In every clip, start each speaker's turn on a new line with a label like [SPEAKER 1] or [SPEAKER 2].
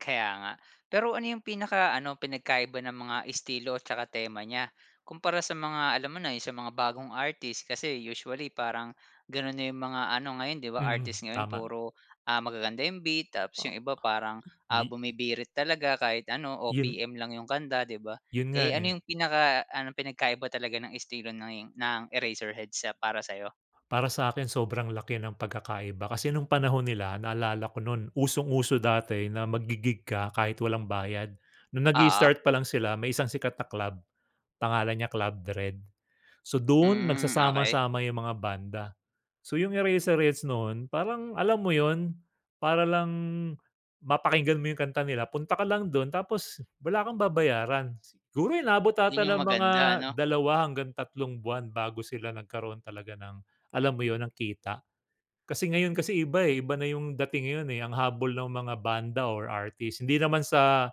[SPEAKER 1] Kaya nga. Pero ano yung pinaka-ano, pinagkaiba ng mga estilo at saka tema nya? Kumpara, sa mga alam mo na, yung sa mga bagong artist. Kasi usually, parang ganun na yung mga ano ngayon 'di ba,
[SPEAKER 2] Mhm,
[SPEAKER 1] artist ngayon
[SPEAKER 2] tama.
[SPEAKER 1] puro, ah, magaganda yung beat tapos
[SPEAKER 2] O
[SPEAKER 1] yung iba parang,
[SPEAKER 2] [unintelligible]
[SPEAKER 1] ah,
[SPEAKER 2] gi
[SPEAKER 1] bumibirit talaga. Kahit ano,
[SPEAKER 2] Yun
[SPEAKER 1] OPM lang yung kanta, 'di ba?
[SPEAKER 2] yun nga
[SPEAKER 1] Eh, ano
[SPEAKER 2] eh.
[SPEAKER 1] yung pinaka ano, pinagkaiba talaga ng estilo ng ng Eraserheads sa para sayo?
[SPEAKER 2] Para sa'kin, sobrang laki ng pagkakaiba. Kasi nung panahon nila, naalala ko nu'n usong-uso dati na maggi-gig ka kahit walang bayad. Nung
[SPEAKER 1] Oo.
[SPEAKER 2] nag-i-start pa lang sila, may isang sikat na club, pangalan niya Club Dredd. So, du'n
[SPEAKER 1] Mm, okey.
[SPEAKER 2] nagsasama-sama yung mga banda. So, yung Eraserheads no'n parang alam mo yun, para lang mapakinggan mo yung kanta nila, punta ka lang dun tapos wala kang babayaran. Siguro, inaabot 'ata
[SPEAKER 1] Yun yung
[SPEAKER 2] ng mga
[SPEAKER 1] maganda, ano?
[SPEAKER 2] 2 hanggang tatlong buwan bago sila nagkaroon talaga ng alam mo yun, ng kita. Kasi ngayon kasi iba eh, iba na yung dating ngayon eh, ang habol ng mga banda or artist hindi naman sa,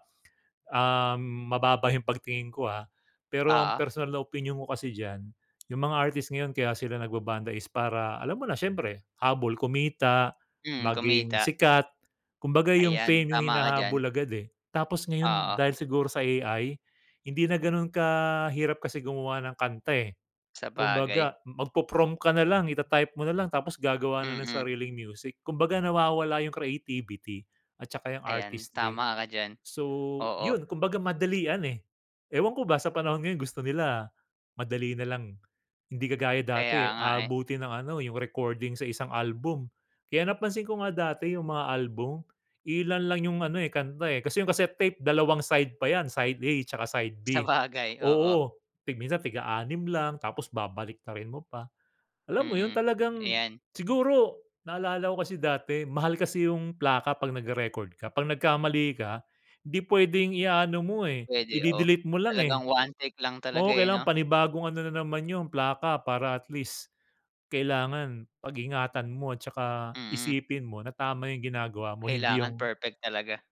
[SPEAKER 2] um, mababa yung pagtingin ko ah. Pero ang
[SPEAKER 1] Oo.
[SPEAKER 2] personal na opinyon ko kasi diyan, yung mga artist ngayon kaya sila nagba-banda is para alam mo na, syempre, habol kumita,
[SPEAKER 1] Mm,
[SPEAKER 2] maging
[SPEAKER 1] kumita.
[SPEAKER 2] sikat. Kumbaga, yung
[SPEAKER 1] Ayan,
[SPEAKER 2] fame yung
[SPEAKER 1] tama ka diyan.
[SPEAKER 2] hinahabol agad, eh. Tapos ngayon
[SPEAKER 1] Oo.
[SPEAKER 2] dahil siguro sa AI hindi na ganun kahirap kasi gumawa ng kanta eh.
[SPEAKER 1] Sabagay.
[SPEAKER 2] Kumbaga magpo-prompt ka nalang. Ita-type mo nalang tapos gagawa na ng
[SPEAKER 1] Mm.
[SPEAKER 2] sariling music. Kumbaga, nawawala yu'ng creativity at saka yung
[SPEAKER 1] Ayan,
[SPEAKER 2] artistry.
[SPEAKER 1] tama ka diyan.
[SPEAKER 2] So,
[SPEAKER 1] Oo.
[SPEAKER 2] yun kumbaga madalian, eh. Ewan ko ba sa panahon ngayon gusto nila madali nalang. Hindi kagaya
[SPEAKER 1] Kaya
[SPEAKER 2] dati eh,
[SPEAKER 1] nga eh.
[SPEAKER 2] aabutin ng ano, yung recording sa isang album. Kaya napansin ko nga dati yung mga album, iilan lang 'yung ano eh, kanta eh, kasi yung cassette tape, dalawang side pa yan. Side A tsaka side B.
[SPEAKER 1] Sabagay, oo.
[SPEAKER 2] Oo, tig minsan tig-a-anim lang tapos babaliktarin mo pa. Alam mo yun,
[SPEAKER 1] Mm,
[SPEAKER 2] talagang
[SPEAKER 1] ayan.
[SPEAKER 2] siguro, naalala ko kasi dati, mahal kasi yung plaka 'pag nagre-record ka. 'Pag nagkamali ka, 'di pwedeng i-a-ano mo eh,
[SPEAKER 1] Puwede, o
[SPEAKER 2] ide-delete mo lang
[SPEAKER 1] talagang
[SPEAKER 2] eh.
[SPEAKER 1] one take lang talaga
[SPEAKER 2] Oo,
[SPEAKER 1] eh,
[SPEAKER 2] kailangang
[SPEAKER 1] 'no?
[SPEAKER 2] panibagong ano na naman yun, plaka para at least, kailangan pag-ingatan mo at saka
[SPEAKER 1] Mm.
[SPEAKER 2] isipin mo na tama yung ginagawa mo. Hindi
[SPEAKER 1] Kailangan
[SPEAKER 2] yung
[SPEAKER 1] perfect talaga.